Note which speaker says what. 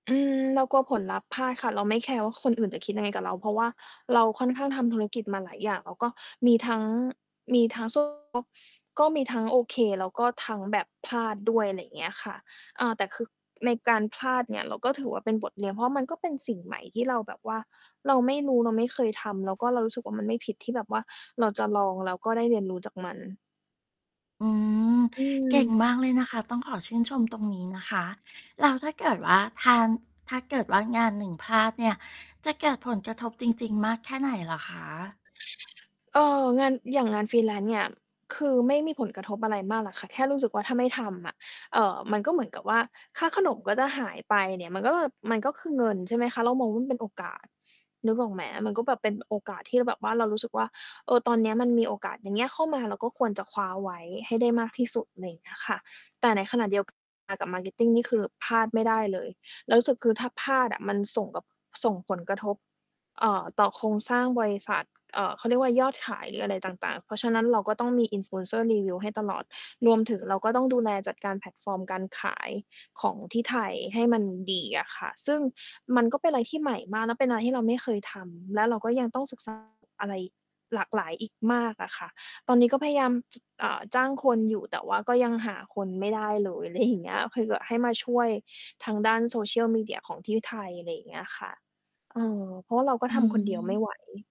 Speaker 1: อืม เรากลัว ผลลัพธ์พลาดค่ะ เราไม่แคร์ว่าคนอื่นจะคิดยังไงกับเรา เพราะว่าเราค่อนข้างทำธุรกิจมาหลายอย่าง แล้วก็มีทั้ง มีทั้ง [unintelligible] ก็มีทั้งโอเค แล้วก็ทั้งแบบพลาดด้วย ไรเงี้ยค่ะ อ่า แต่คือในการพลาดเนี่ย เราก็ ถือว่าเป็นบทเรียน เพราะมันก็เป็นสิ่งใหม่ที่เราแบบว่าเราไม่รู้ เราไม่เคยทำ แล้วก็เรารู้สึกว่ามันไม่ผิดที่แบบว่าเราจะลอง แล้วก็ได้เรียนรู้จากมัน
Speaker 2: อืม
Speaker 1: อ
Speaker 2: เก่ง
Speaker 1: ืม
Speaker 2: มากเลยนะคะ ต้องขอชื่นชมตรงนี้นะคะ แล้วถ้าเกิดว่าทาน ถ้าเกิดว่างานหนึ่งพลาดเนี่ย จะเกิดผลกระทบจริง ๆ มากแค่ไหนเหรอคะ?
Speaker 1: เอ่อ งาน อย่างงาน freelance เนี่ย คือไม่มีผลกระทบอะไรมากล่ะค่ะ แค่รู้สึกว่าถ้าไม่ทำอะ เอ่อ มันก็ เหมือนกับว่าค่าขนมก็จะหายไปเนี่ย มันก็แบบ มันก็คือเงิน ใช่ ไหมคะ เรามองว่ามันเป็นโอกาส นึกออกไหม มันก็แบบเป็น โอกาสที่เราแบบว่าเรารู้สึกว่า เออ ตอนเนี้ยมันมีโอกาสอย่างเงี้ยเข้ามา เราก็ควรจะคว้าเอาไว้ให้ได้มากที่สุด ไรเงี้ยค่ะ แต่ในขณะเดียว กัน อา กับ marketing นี่คือพลาดไม่ได้เลย เรารู้สึกคือถ้าพลาดอะมันส่งกับ ส่งผลกระทบ เอ่อ ต่อโครงสร้างบริษัท เอ่อ เขาเรียกว่า ยอดขาย หรือ อะไรต่าง ๆ เพราะฉะนั้นเราก็ต้องมี Influencer รีวิวให้ตลอด รวมถึงเราก็ต้องดูแลจัดการแพลตฟอร์มการขาย ของที่ไทยให้มันดีอะค่ะ ซึ่งมันก็เป็นอะไรที่ใหม่มาก และเป็นอะไรที่เราไม่เคยทำ และเราก็ยังต้อง ศึกษา อะไรหลากหลายอีกมากอะค่ะ ตอนนี้ก็พยายาม อ่า จ้างคนอยู่ แต่ว่าก็ยังหาคนไม่ได้เลย ไรอย่างเงี้ย เพื่อที่แบบให้มาช่วย ทางด้าน social media ของที่ไทย ไรอย่างเงี้ยค่ะ เออ เพราะว่าเราก็
Speaker 2: อื
Speaker 1: ทำคนเดียวไม่
Speaker 2: ม
Speaker 1: ไหว